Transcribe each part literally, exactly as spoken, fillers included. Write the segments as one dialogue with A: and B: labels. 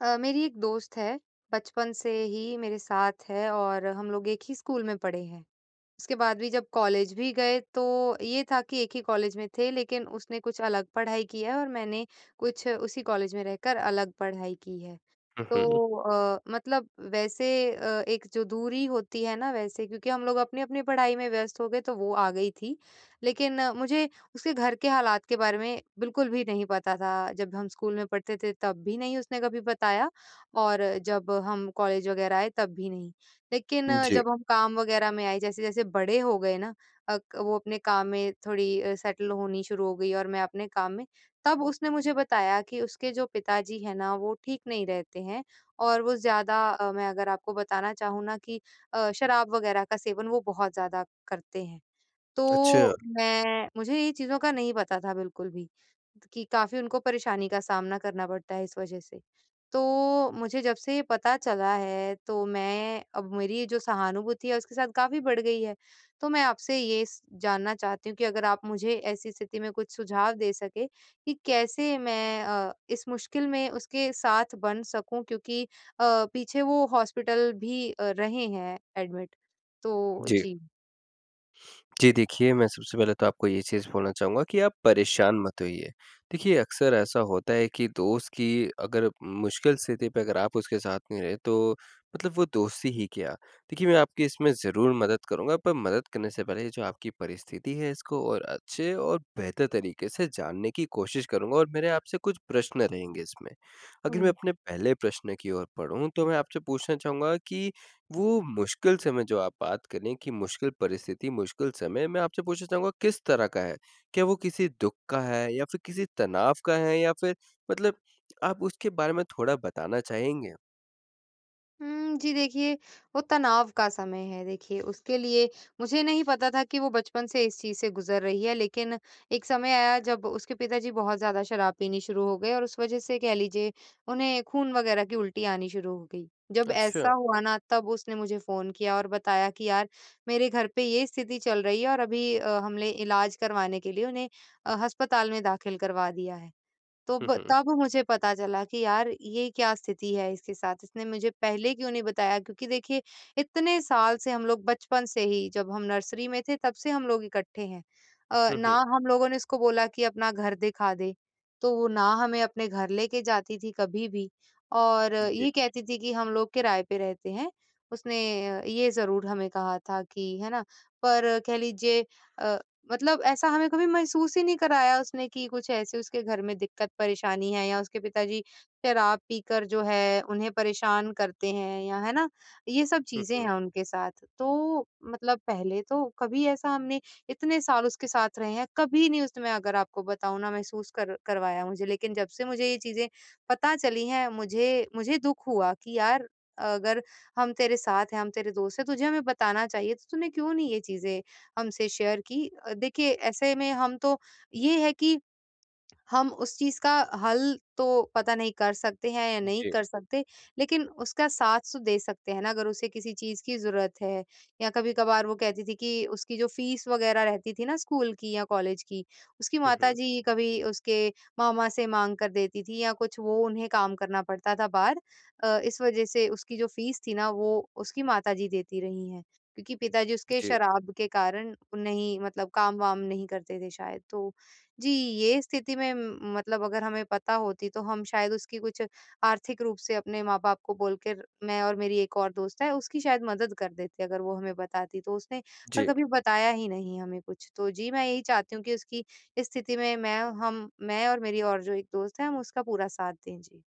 A: अ, मेरी एक दोस्त है, बचपन से ही मेरे साथ है और हम लोग एक ही स्कूल में पढ़े हैं। उसके बाद भी जब कॉलेज भी गए तो ये था कि एक ही कॉलेज में थे लेकिन उसने कुछ अलग पढ़ाई की है और मैंने कुछ उसी कॉलेज में रहकर अलग पढ़ाई की है,
B: हुँ, हुँ।
A: तो अ, मतलब वैसे अ, एक जो दूरी होती है ना वैसे क्योंकि हम लोग अपनी-अपनी पढ़ाई में व्यस्त हो गए, तो वो आ गई थी लेकिन मुझे उसके घर के हालात के बारे में बिल्कुल भी नहीं पता था, जब हम स्कूल में पढ़ते थे तब भी नहीं उसने कभी बताया और जब हम कॉलेज वगैरह आए तब भी नहीं, लेकिन
B: उ, जी।
A: जब हम काम वगैरह में आए जैसे-जैसे बड़े हो गए ना अक वो अपने काम में थोड़ी अ, सेटल होनी शुरू हो गई और मैं अपने काम में, तब उसने मुझे बताया कि उसके जो पिता जी हैं ना वो ठीक नहीं रहते हैं और वो ज़्यादा अ, मैं अगर आपको बताना चाहूँ ना कि अ, शराब वगैरह का सेवन वो बहुत ज़्यादा करते हैं।
B: अच्छा।
A: तो मैं मुझे ये चीज़ों का नहीं पता था बिल्कुल भी त कि काफ़ी उनको परेशानी का सामना करना पड़ता है इस वजह से। तो मुझे जब से ये पता चला है तो मैं अब मेरी जो सहानुभूति है उसके साथ काफ़ी बढ़ गई है, तो मैं आपसे ये स जानना चाहती हूँ कि अगर आप मुझे ऐसी स्थिति में कुछ सुझाव दे सकें कि कैसे मैं अ, इस मुश्किल में उसके साथ बन सकूँ क्योंकि अ, पीछे वो हॉस्पिटल भी अ, रहे हैं एडमिट तो
B: जी।
A: जी।
B: जी देखिए, मैं सबसे पहले तो आपको ये चीज़ बोलना चाहूँगा कि आप परेशान मत होइए, देखिए अक़्सर ऐसा होता है कि दोस्त की अगर मुश्किल स्थिति पे अगर आप उसके साथ नहीं रहे तो मतलब वो दोस्ती ही क्या? देखिए मैं आपकी इसमें ज़रूर मदद करूँगा। पर मदद करने से पहले जो आपकी परिस्थिति है इसको और अच्छे और बेहतर तरीके से जानने की कोशिश करूँगा और मेरे आप से कुछ प्रश्न रहेंगे इसमें, अगर मैं
A: हुँ।
B: अपने पहले प्रश्न की ओर बढ़ूँ तो मैं आपसे पूछना चाहूँगा कि वो मुश्किल समय जो आप बात करें कि मुश्किल परिस्थिति, मुश्किल समय मैं आपसे पूछना चाहूँगा किस तरह का है? क्या वो किसी दुःख का है? या फिर किसी तनाव का है? या फिर मतलब आप उसके बारे में थोड़ा बताना चाहेंगे?
A: हुँ, जी देखिए वो तनाव का समय है देखिए उसके लिए मुझे नहीं पता था कि वो बचपन से इस चीज़ से गुज़र रही है, लेकिन एक समय आया जब उसके पिताजी बहुत ज़्यादा शराब पीनी शुरू हो गए और उस वज़ह से कह लीजिए उन्हें खून वग़ैरह की उल्टी आनी शुरू हो गई। जब
B: अच्छा।
A: ऐसा हुआ ना तब उसने मुझे फोन किया और बताया कि यार मेरे घर पे ये स्थिति चल रही है और अभी अ, हमने इलाज़ करवाने के लिए उन्हें अ, अस्पताल में दाख़िल करवा दिया है। तो
B: हुँ,
A: ब
B: हुँ।
A: तब मुझे पता चला कि यार ये क्या स्थिति है इसके साथ, इसने मुझे पहले क्यों नहीं बताया क्योंकि देखिए इतने साल से हम लोग बचपन से ही जब हम नर्सरी में थे तब से हम लोग इकट्ठे हैं। अ,
B: हुँ,
A: ना
B: हुँ।
A: हम लोगों ने इसको बोला कि अपना घर दिखा दे, तो वो ना हमें अपने घर लेके जाती थी कभी भी और
B: जी।
A: ये कहती थी कि हम लोग किराए पे रहते हैं। उसने अ, ये ज़रूर हमें कहा था कि है ना पर कह लीजिए अ, मतलब ऐसा हमें कभी महसूस ही नहीं कराया उसने कि कुछ ऐसे उसके घर में दिक्कत-परेशानी है या उसके पिताजी शराब पीकर जो है उन्हें परेशान करते हैं या है ना, ये सब
B: हुँ,
A: चीज़ें
B: हुँ।
A: हैं उनके साथ, तो मतलब पहले तो कभी ऐसा हमने इतने साल उसके साथ रहे हैं, कभी नहीं उस मैं अगर आपको बताऊँ ना महसूस कर करवाया मुझे लेकिन जब से मुझे ये चीज़ें पता चली हैं मुझे मुझे दुःख हुआ कि यार अगर हम तेरे साथ हैं, हम तेरे दोस्त हैं, तुझे हमें बताना चाहिए तो तूने क्यों नहीं ये चीज़ें हमसे शेयर की? देखिए ऐसे में हम तो ये है कि हम उस चीज़ का हल तो पता नहीं कर सकते हैं या नहीं
B: जी।
A: कर सकते? लेकिन उसका साथ दे सकते हैं ना अगर उसे किसी चीज़ की ज़रूरत है या कभी-कभार वो कहती थी कि उसकी जो फीस वग़ैरह रहती थी ना स्कूल की या कॉलेज की, उसकी
B: हुँ,
A: माता
B: हुँ।
A: जी कभी उसके मामा से माँग कर देती थी या कुछ वो उन्हें काम करना पड़ता था बाहर अ, इस वज़ह से उसकी जो फीस थी ना वो उसकी माता जी देती रही हैं क्योंकि पिताजी उसके
B: जी।
A: शराब के कारण नहीं मतलब काम-वाम नहीं करते थे शायद। तो जी ये स्थिति में म मतलब अगर हमें पता होती तो हम शायद उसकी कुछ आर्थिक रूप से अपने माँ-बाप को बोल कर मैं और मेरी एक और दोस्त है, उसकी शायद मदद कर देते अगर वो हमें बताती तो उसने पर
B: जी।
A: कभी बताया ही नहीं हमें कुछ। तो जी मैं यही चाहती हूँ कि उसकी स्थिति में मैं हम मैं और मेरी और जो एक दोस्त है हम उसका पूरा साथ दें जी।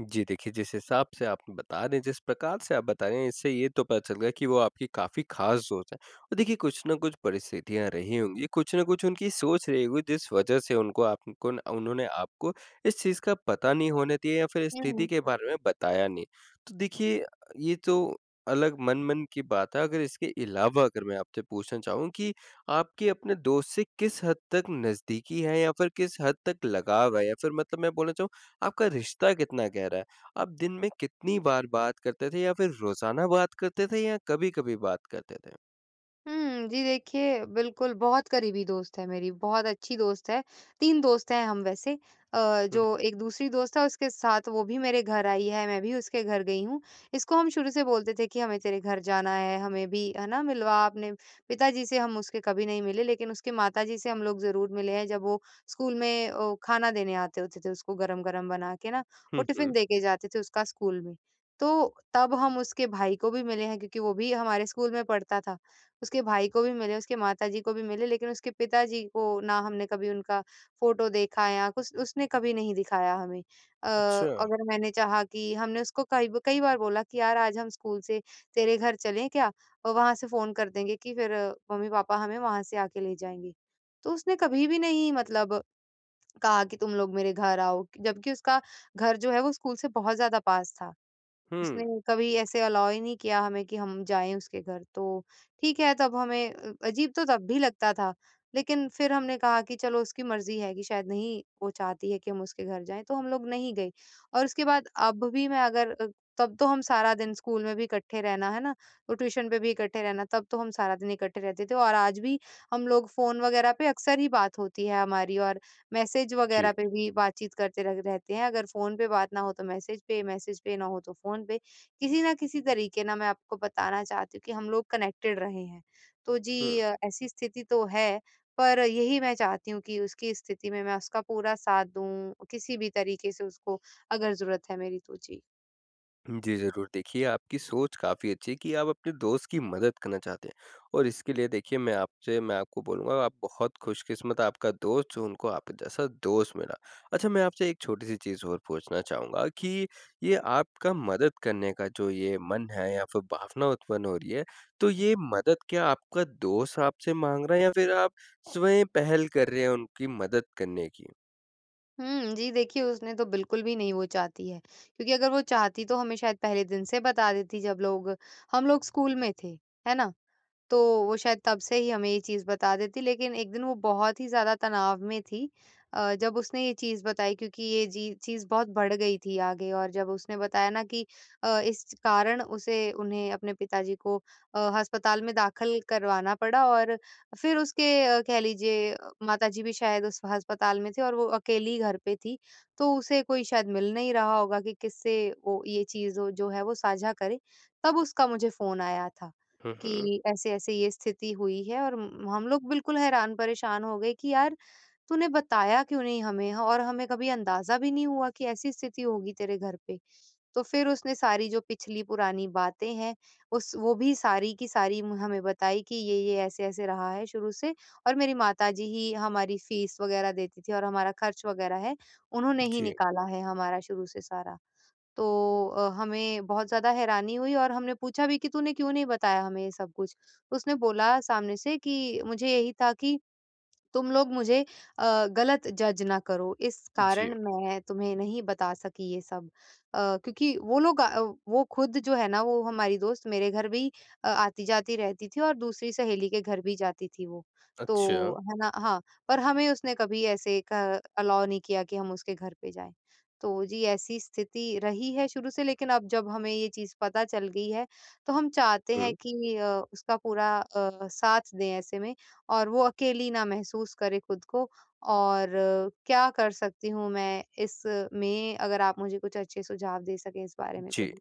B: जी देखिए, जिस हिसाब से आप बता रहे हैं, जिस प्रकार से आप बता रहे हैं इससे ये तो पता चल गया कि वो आपकी काफ़ी ख़ास दोस्त है और देखिए कुछ ना कुछ परिस्थितियाँ रही होंगी, कुछ ना कुछ उनकी सोच रही होगी दिस वजह से उनको आपको ना उन्होंने आपको इस चीज़ का पता नहीं होने दिया या फिर
A: हुँ,
B: स्थिति
A: हुँ।
B: के बारे में बताया नहीं। तो देखिए ये तो अलग मन-मन की बात है, अगर इसके अलावा अगर मैं आपसे पूछना चाहूँ कि आपके अपने दोस्त से किस हद तक नज़दीकी है? या फिर किस हद तक लगाव है? या फिर मतलब मैं बोलना चाहूँ आपका रिश्ता कितना गहरा है? आप दिन में कितनी बार बात करते थे? या फिर रोज़ाना बात करते थे या कभी-कभी बात करते थे?
A: हुँ, जी देखिए बिल्कुल बहुत क़रीबी दोस्त है मेरी, बहुत अच्छी दोस्त है, तीन दोस्त हैं हम वैसे अ,
B: हुँ, हुँ।
A: जो एक दूसरी दोस्त है उसके साथ वो भी मेरे घर आई है, मैं भी उसके घर गई हूँ, इसको हम शुरू से बोलते थे कि हमें तेरे घर जाना है, हमें भी है ना, मिलवा अपने पिता जी से हम उसके कभी नहीं मिले, लेकिन उसके माता जी से हम लोग ज़रूर मिले हैं जब वो स्कूल में अ, ख़ाना देने आते होते थे उसको गरम-गरम बना के ना, वो
B: हुँ,
A: टिफ़िन
B: हुँ।
A: दे के जाते थे उसका स्कूल में। तो तब हम उसके भाई को भी मिले हैं क्योंकि वो भी हमारे स्कूल में पढ़ता था, उसके भाई को भी मिले, उसके माता जी को भी मिले, लेकिन उसके पिता जी को ना हमने कभी उनका फोटो देखा या कुछ उसने कभी नहीं दिखाया हमें। अ,
B: अच्छा।
A: अगर मैंने चाहा कि हमने उसको कई ब कई बार बोला कि यार आज हम स्कूल से तेरे घर चलें क्या? अ, वहाँ से फोन कर देंगे कि फिर मम्मी-पापा हमें वहाँ से आके ले जाएँगे। तो उसने कभी भी नहीं मतलब कहा कि तुम लोग मेरे घर आओ क जबकि उसका घर जो है वो स्कूल से बहुत ज़्यादा पास था, उसने
B: हुँ।
A: कभी ऐसे अलाउ ही नहीं किया हमें कि हम जाए उसके घर तो ठीक है तब हमें अ, अजीब तो तब भी लगता था, लेकिन फिर हमने कहा कि चलो उसकी मर्ज़ी है कि शायद नहीं वो चाहती है कि हम उसके घर जाएँ, तो हम लोग नहीं गए। और उसके बाद अब भी मैं अगर अ, तब तो हम सारा दिन स्कूल में भी इकट्ठे रहना है ना, वो ट्यूशन पे भी इकट्ठे रहना तब तो हम सारा दिन इकट्ठे रहते थे और आज भी हम लोग फोन वगैरह पे अक्सर ही बात होती है हमारी और मैसेज
B: जी।
A: वगैरह पे भी बातचीत करते रग रहते हैं अगर फोन पे बात ना हो तो मैसेज पे, मैसेज पे ना हो तो फोन पे, किसी ना किसी तरीक़े ना मैं आपको बताना चाहती हूँ कि हम लोग कनेक्टेड रहे हैं। तो जी
B: हुँ।
A: अ, ऐसी स्थिति तो है पर यही मैं चाहती हूँ कि उसकी स्थिति में मैं उसका पूरा साथ दूँ, किसी भी तरीके से उसको अगर ज़रूरत है मेरी तो। जी।
B: जी, ज़रूर। देखिए आपकी सोच काफ़ी अच्छी है कि आप अपने दोस्त की मदद करना चाहते हैं, और इसके लिए देखिए मैं आपसे मैं आपको बोलूँगा आप बहुत खुशकिस्मत आपका दोस्त जो उनको आपके जैसा दोस्त मिला। अच्छा मैं आपसे एक छोटी-सी चीज़ और पूछना चाहूँगा कि ये आपका मदद करने का जो ये मन है या फिर भावना उत्पन्न हो रही है, तो ये मदद क्या आपका दोस्त आपसे माँग रहा है या फिर आप स्वयं पहल कर रहे हैं उनकी मदद करने की?
A: हुँ, जी, देखिए उसने तो बिल्कुल भी नहीं वो चाहती है, क्योंकि अगर वो चाहती तो हमें शायद पहले दिन से बता देती जब लोग हम लोग स्कूल में थे, है ना? तो वो शायद तब से ही हमें ये चीज़ बता देती लेकिन एक दिन वो बहुत ही ज़्यादा तनाव में थी अ, जब उसने ये चीज़ बताई क्योंकि ये जी चीज़ बहुत बढ़ गई थी आगे और जब उसने बताया ना कि अ, इस कारण उसे उन्हें अपने पिताजी को अ, अस्पताल में दाखिल करवाना पड़ा और फिर उसके कह लीजिए माता-जी भी शायद उस अस्पताल में थे और वो अकेली घर पे थी, तो उसे कोई शायद मिल नहीं रहा होगा कि किससे वो ये चीज़ वो जो है वो साझा करे, तब उसका मुझे फ़ोन आया था
B: हुँ, हुँ।
A: कि ऐसे-ऐसे ये स्थिति हुई है और म हम लोग बिल्कुल हैरान परेशान हो गए कि यार, तूने बताया क्यों नहीं हमें और हमें कभी अंदाज़ा भी नहीं हुआ कि ऐसी स्थिति होगी तेरे घर पे। तो फिर उसने सारी जो पिछली पुरानी बातें हैं, उस वो भी सारी की सारी म हमें बताई कि ये-ये ऐसे-ऐसे रहा है शुरू से, और मेरी माता-जी ही हमारी फीस वग़ैरह देती थी और हमारा खर्च वग़ैरह है, उन्होंने ही
B: जी।
A: निकाला है हमारा शुरू से सारा। तो अ, हमें बहुत ज़्यादा हैरानी हुई और हमने पूछा भी कि तूने क्यों नहीं बताया हमें ये सब कुछ? उसने बोला सामने से कि मुझे यही था कि तुम लोग मुझे अ, गलत जज ना करो, इस
B: जी।
A: कारण मैं तुम्हें नहीं बता सकी ये सब अ, क्योंकि वो लोग अ, वो खुद जो है ना वो हमारी दोस्त मेरे घर भी अ, आती-जाती रहती थी और दूसरी सहेली के घर भी जाती थी वो।
B: अच्छा।
A: तो है ना हाँ, पर हमें उसने कभी ऐसे क अलाउ नहीं किया कि हम उसके घर पे जाएँ। तो जी, ऐसी स्थिति रही है शुरू से लेकिन अब जब हमें ये चीज़ पता चल गई है, तो हम चाहते
B: हुँ।
A: हैं कि अ, उसका पूरा अ, साथ दें ऐसे में, और वो अकेली ना महसूस करे खुद को, और क्या कर सकती हूँ मैं इस में अगर आप मुझे कुछ अच्छे सुझाव दे सकें इस बारे में
B: जी।
A: कुछ?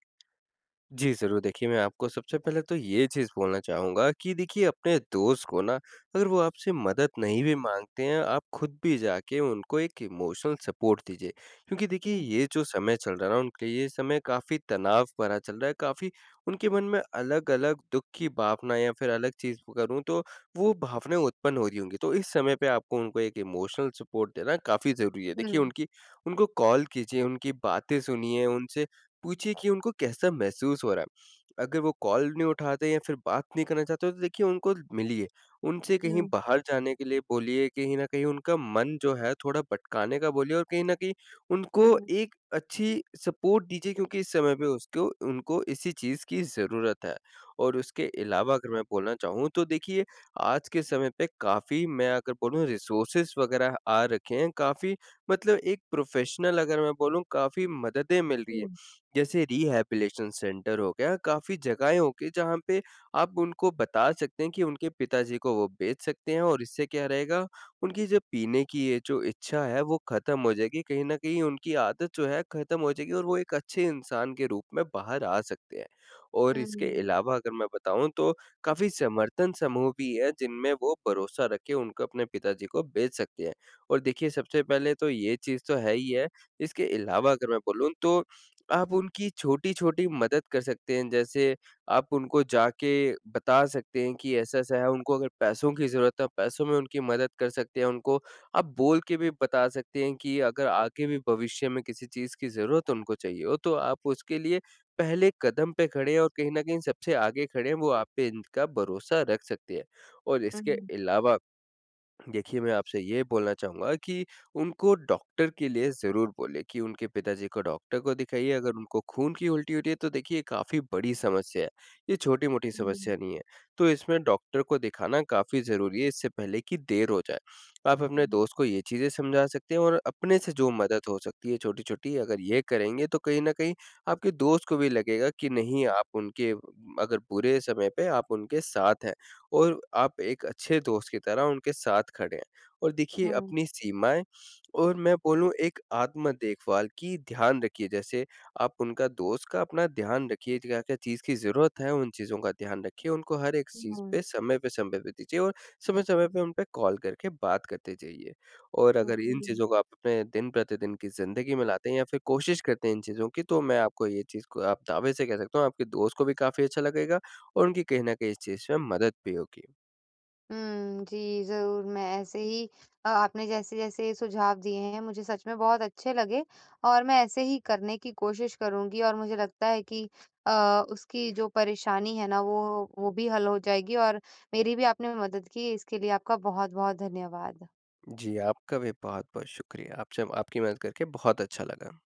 B: जी, ज़रूर देखिए मैं आपको सबसे पहले तो ये चीज़ बोलना चाहूँगा कि देखिए अपने दोस्त को ना, अगर वो आपसे मदद नहीं भी माँगते हैं आप खुद भी जाके उनको एक इमोशनल सपोर्ट दीजिए, क्योंकि देखिए
A: हुँ।
B: ये जो समय चल रहा है ना उनके लिए ये समय काफ़ी तनाव भरा चल रहा है काफ़ी उनके मन में अलग-अलग दुख की भावना या फिर अलग चीज़ करूँ तो वो भावनाएँ उत्पन्न हो रही होंगी, तो इस समय पे आपको उनको एक इमोशनल सपोर्ट देना काफ़ी ज़रूरी है। देखिए
A: हुँ।
B: उनकी उनको कॉल कीजिए, उनकी बातें सुनिए, उनसे पूछिए कि उनको कैसा महसूस हो रहा है। अगर वो कॉल नहीं उठाते या फिर बात नहीं करना चाहते तो देखिए उनको मिलिए, उनसे कहीं
A: हुँ।
B: बाहर जाने के लिए बोलिए कहीं न कहीं उनका मन जो है थोड़ा भटकाने का बोलिए और कहीं न कहीं उनको
A: हुँ।
B: एक अच्छी सपोर्ट दीजिए क्योंकि इस समय पे उसको उनको इसी चीज़ की ज़रूरत है। और उसके अलावा अगर मैं बोलना चाहूँ तो देखिए, आज के समय पे काफ़ी मैं अगर बोलूँ रिसोर्सेस वग़ैरह आ रखे हैं काफ़ी मतलब एक प्रोफेशनल अगर मैं बोलूँ काफ़ी मददें मिल रही हैं,
A: हुँ।
B: जैसे रिहैबिलिटेशन सेंटर हो गया काफ़ी जगहें हो गई जहाँ पे, आप उनको बता सकते हैं कि उनके पिताजी को वो भेज सकते हैं और इससे क्या रहेगा, उनकी जो पीने की ये जो इच्छा है वो खत्म हो जाएगी कहीं न कहीं उनकी आदत जो है खत्म हो जाएगी और वो एक अच्छे इंसान के रूप में बाहर आ सकते हैं। और
A: हुँ,
B: इसके
A: हुँ।
B: अलावा अगर मैं बताऊँ तो, काफ़ी समर्थन समूह भी है जिनमें वो भरोसा रख के उनको अपने पिताजी को भेज सकते हैं। और देखिए सबसे पहले तो ये चीज़ तो है ही है, इसके अलावा अगर मैं बोलूँ तो आप उनकी छोटी-छोटी मदद कर सकते हैं जैसे, आप उनको जाके बता सकते हैं कि ऐसा-ऐसा है उनको अगर पैसों की ज़रूरत है पैसों में उनकी मदद कर सकते हैं, उनको आप बोल के भी बता सकते हैं कि अगर आगे भी भविष्य में किसी चीज़ की ज़रूरत उनको चाहिए हो तो आप उसके लिए पहले कदम पे खड़े हैं और कहीं न कहीं सबसे आगे खड़े हैं वो आप पे इनका भरोसा रख सकते हैं। और इसके
A: हुँ।
B: अलावा, देखिए मैं आपसे ये बोलना चाहूँगा कि, उनको डॉक्टर के लिए ज़रूर बोलें कि उनके पिताजी को डॉक्टर को दिखाइए अगर उनको खून की उल्टी हो रही है तो देखिए काफ़ी बड़ी समस्या है, ये छोटी-मोटी
A: हुँ।
B: समस्या नहीं है। तो इसमें डॉक्टर को दिखाना काफ़ी ज़रूरी है इससे पहले की देर हो जाए, आप अपने
A: हुँ।
B: दोस्त को ये चीज़ें समझा सकते हैं और अपने से जो मदद हो सकती है छोटी-छोटी अगर ये करेंगे तो कहीं न कहीं आपके दोस्त को भी लगेगा कि नहीं आप उनके अगर बुरे समय पे आप उनके साथ हैं, और आप एक अच्छे दोस्त की तरह उनके साथ खड़े हैं। और देखिए
A: हुँ।
B: अपनी सीमाएँ, और मैं बोलूँ एक आत्म-देखभाल की ध्यान रखिए जैसे आप उनका दोस्त का अपना ध्यान रखिए क्या-क्या चीज़ की ज़रूरत है उन चीज़ों का ध्यान रखिए, उनको हर एक चीज़
A: हुँ।
B: पे समय पे, समय पे दीजिए और समय-समय पे उन पे कॉल करके बात करते जाइए। और
A: अ,
B: अगर इन
A: हुँ।
B: चीज़ों को आप अपने दिन-प्रतिदिन की ज़िंदगी में लाते हैं या फिर कोशिश करते हैं इन चीज़ों की तो मैं आपको ये चीज़ को आप दावे से कह सकता हूँ आपके दोस्त को भी काफ़ी अच्छा लगेगा, और उनकी कहीं न कहीं इस चीज़ में मदद भी होगी।
A: उम, जी, ज़रूर मैं ऐसे ही अ, आपने जैसे-जैसे ये सुझाव दिए हैं मुझे सच में बहुत अच्छे लगे, और मैं ऐसे ही करने की कोशिश करूँगी और मुझे लगता है कि अ, उसकी जो परेशानी है ना वो, वो भी हल हो जाएगी और मेरी भी आपने मदद की इसके लिए आपका बहुत-बहुत धन्यवाद।
B: जी, आपका भी बहुत-बहुत शुक्रिया। आपसे आपकी मदद करके बहुत अच्छा लगा।